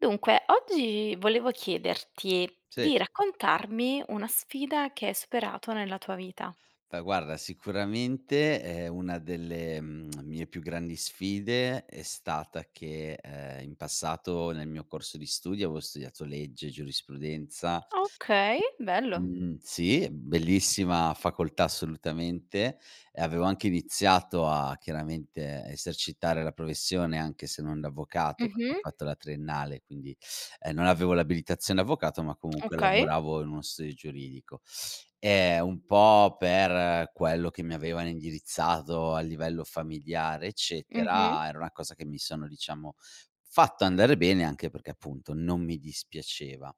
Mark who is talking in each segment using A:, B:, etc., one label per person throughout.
A: Dunque, oggi volevo chiederti
B: Sì.
A: di raccontarmi una sfida che hai superato nella tua vita.
B: Fa guarda, sicuramente, ehm, una delle, mhmm, mie più grandi sfide è stata che, uhm, in passato, nel mio corso di studio, avo studiato legge, giurisprudenza
A: Okay, bello.
B: mhmm sì, bellissima facoltà, assolutamente, e avevo anche iniziato a, chiaramente, esercitare la professione, anche se non da avvocato perché ho
A: Mh-mh.
B: fatto la triennale, quindi, ehm, non avevo l'abilitazione avvocato ma comunque
A: Okay.
B: lavoravo in uno studio giuridico. Ehm, un po' per quello che mi avevano indirizzato a livello familiare
A: Mh-mh.
B: eccetera, era una cosa che mi sono, diciamo, fatto andare bene, anche perché, appunto, non mi dispiaceva.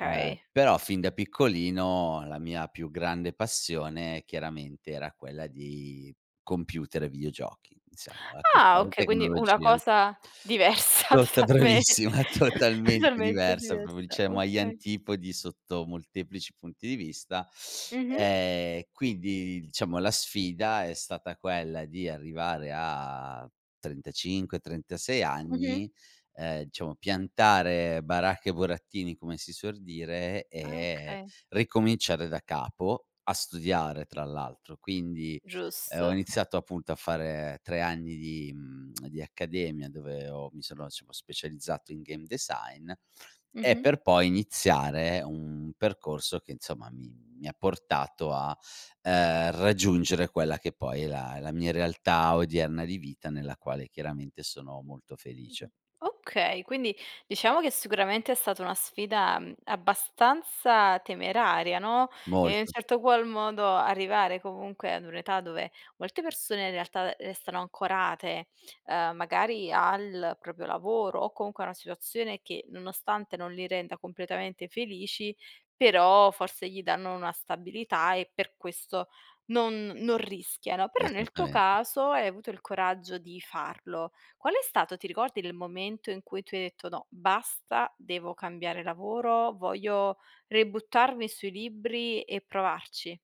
B: Uhm, però fin da piccolino la mia più grande passione, chiaramente, era quella di computer e videogiochi, diciamo. Ehm, questa
A: Ah, okay. Quindi una
B: tecnologia.
A: cosa diversa
B: Tota
A: totalmente,
B: bravissima, totalmente
A: talmente
B: diversa proprio,
A: diversa,
B: cioè mo agli
A: okay.
B: antipodi sotto molteplici punti di vista.
A: Mh-mh.
B: Ehm, quindi, diciamo, la sfida è stata quella di arrivare a 35-36
A: Mh-mh.
B: anni, ehm, diciamo, piantare baracche e burattini, come si suor dire
A: Ah,
B: e,
A: okay.
B: ricominciare da capo, a studiare tra l'altro. Quindi, uhm, ho
A: Giusto.
B: iniziato appunto a fare 3 anni di, mhmm di accademia, dove ho mi sono [unintelligible] specializzato in game design, e
A: Mh-mh.
B: per poi iniziare un percorso che, insomma, mi mi ha portato a, uhm, raggiungere quella che poi è la è la mia realtà odierna di vita nella quale, chiaramente, sono molto
A: Mh-mh,
B: felice.
A: okay. Quindi, diciamo che, sicuramente è stata una sfida, mhmm, abbastanza temeraria, no, e in un
B: Molto.
A: certo qual modo arrivare, comunque, ad un'età dove molte persone, in realtà, restano ancorate, uhm, magari al proprio lavoro o comunque a una situazione che, nonostante non li renda completamente felici, però forse gli danno una stabilità e per questo non non rischiano. Però nel tuo
B: Esattamen
A: caso hai avuto il coraggio di farlo. Qual è stato, ti ricordi, il momento in cui tu hai detto: "No. Basta. Devo cambiare lavoro. Voglio ributtarmi sui libri e provarci?"